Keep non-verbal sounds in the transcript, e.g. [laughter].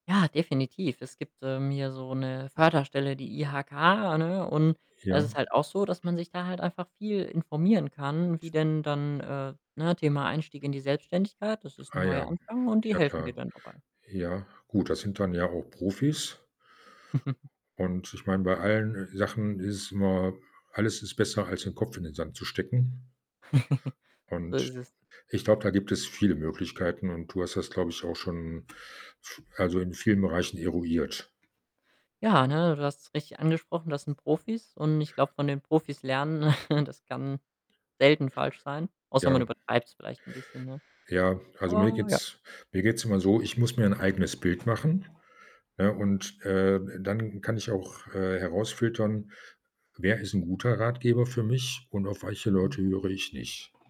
Ja, definitiv. Es gibt, ähm, hier so 'ne Förderstelle, die IHK, ne, und da ist Ja. es halt auch so, dass man sich da halt einfach viel informieren kann, wie denn dann äh, ne, Thema „Einstieg in die Selbstständigkeit“, das ist 'n Ah neuer ja, Anfang und die ja, helfen dir klar. dann dabei. Ja, gut, das sind dann ja auch Profis. [chuckles] Und ich meine, bei allen, äh, Sachen ist es immer alles ist besser, als 'n Kopf in den Sand zu stecken. [chuckles] So Und ist es. ich glaube, da gibt es viele Möglichkeiten und du hast das, glaube ich, auch schon z also, in vielen Bereichen eruiert. Ja, ne, du hast's richtig angesprochen, das sind Profis. Und ich glaube, von den Profis lernen, [chuckles] das kann selten falsch sein, außer man Ja. übertreibt's vielleicht 'n bisschen, ne? Ja, also, mir Ah, ja. geht's mir geht's immer so, ich muss mir 'n eigenes Bild machen, ja? Und, äh, dann kann ich auch, äh, herausfiltern: Wer ist 'n guter Ratgeber für mich und auf welche Mhm. Leute höre ich nicht?